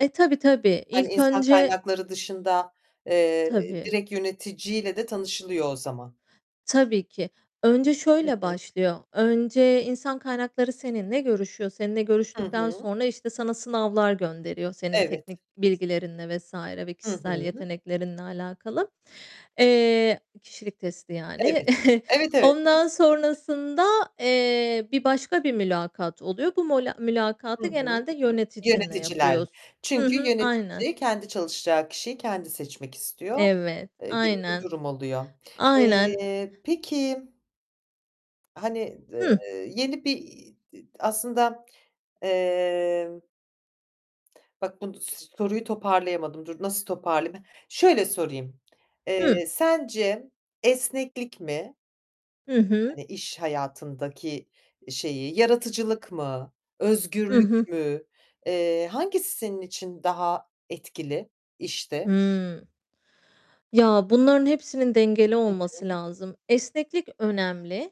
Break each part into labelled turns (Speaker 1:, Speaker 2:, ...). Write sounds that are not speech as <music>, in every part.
Speaker 1: E, tabii, tabii.
Speaker 2: Hani,
Speaker 1: İlk
Speaker 2: insan
Speaker 1: önce
Speaker 2: kaynakları dışında, eee,
Speaker 1: Tabii.
Speaker 2: direkt yöneticiyle de tanışılıyor o zaman.
Speaker 1: Tabii ki. Önce
Speaker 2: Hı
Speaker 1: şöyle
Speaker 2: hı.
Speaker 1: başlıyor. Önce, insan kaynakları seninle görüşüyor, seninle
Speaker 2: Hı
Speaker 1: görüştükten
Speaker 2: hı.
Speaker 1: sonra işte sana sınavlar gönderiyor senin
Speaker 2: Evet.
Speaker 1: teknik bilgilerinle vs. ve
Speaker 2: Hı
Speaker 1: kişisel
Speaker 2: hı.
Speaker 1: yeteneklerinle alakalı. Eee, kişilik testi
Speaker 2: Evet.
Speaker 1: yani. <giggles>
Speaker 2: Evet, evet.
Speaker 1: Ondan
Speaker 2: <giggles>
Speaker 1: sonrasında, eee, bir başka bir mülakat oluyor. Bu molâ
Speaker 2: Hı
Speaker 1: mülakatı
Speaker 2: hı.
Speaker 1: genelde yöneticinle
Speaker 2: Yöneticilerle.
Speaker 1: yapıyors Hı
Speaker 2: Çünkü
Speaker 1: hı, aynen.
Speaker 2: yönetici kendi çalışacağı kişiyi kendi seçmek istiyor,
Speaker 1: Evet,
Speaker 2: eee, gibi bir
Speaker 1: aynen.
Speaker 2: durum oluyor.
Speaker 1: Aynen.
Speaker 2: Eee, peki Hani, d
Speaker 1: Hıh.
Speaker 2: eee, yeni bir i d aslında, emm Bak, bunu s soruyu toparlayamadım. Dur, nasıl toparlayayım. Şöyle sorayım.
Speaker 1: Hıh.
Speaker 2: Eee, sence esneklik mi
Speaker 1: Hı hı.
Speaker 2: hani iş hayatındaki şeyi yaratıcılık mı,
Speaker 1: Hı
Speaker 2: özgürlük
Speaker 1: hı.
Speaker 2: mü? Eee, hangisi senin için daha etkili işte?
Speaker 1: Hımm, ya, bunların hepsinin dengeli
Speaker 2: Hı
Speaker 1: olması
Speaker 2: hı.
Speaker 1: lazım. Esneklik önemli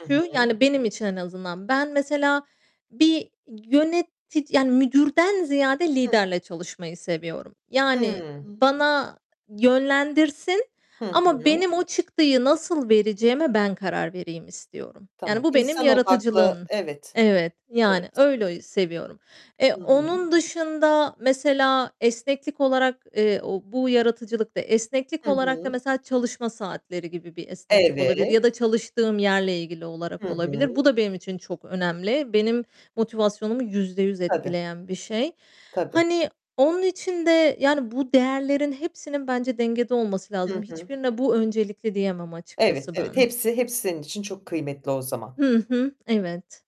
Speaker 2: I hı.
Speaker 1: yani, benim için en azından. Ben mesela bir yönetici yani, müdürden ziyade
Speaker 2: Hıh.
Speaker 1: liderle çalışmayı seviyorum. Yani
Speaker 2: Hıı.
Speaker 1: bana yönlendirsin
Speaker 2: Hı
Speaker 1: ama
Speaker 2: hı.
Speaker 1: benim o çıktıyı nasıl vereceğime ben karar vereyim istiyorum. Yani,
Speaker 2: Tamam.
Speaker 1: bu benim
Speaker 2: İnsan
Speaker 1: yaratıcılığım.
Speaker 2: odaklı. Evet.
Speaker 1: Evet, yani,
Speaker 2: Evet.
Speaker 1: öyle ü seviyorum. Eee,
Speaker 2: Hı hı.
Speaker 1: onun dışında mesela esneklik olarak, eee, o bu yaratıcılıkta, esneklik
Speaker 2: Hı
Speaker 1: olarak da
Speaker 2: hı.
Speaker 1: mesela çalışma saatleri gibi bir esneklik olabilir
Speaker 2: Evet.
Speaker 1: ya da çalıştığım yerle ilgili olarak
Speaker 2: Hı
Speaker 1: olabilir.
Speaker 2: hı.
Speaker 1: Bu da benim için çok önemli. Benim motivasyonumu %100
Speaker 2: Tabii.
Speaker 1: etkileyen bir şey.
Speaker 2: Tabii.
Speaker 1: Hani, onun için de, yani, bu değerlerin hepsinin bence dengede olması lazım.
Speaker 2: Hı hı.
Speaker 1: Hiçbirine bu öncelikli diyemem
Speaker 2: Evet,
Speaker 1: açıkçası
Speaker 2: evet.
Speaker 1: ben.
Speaker 2: Hepsi hepsi senin için çok kıymetli o zaman.
Speaker 1: Hı hı. Evet.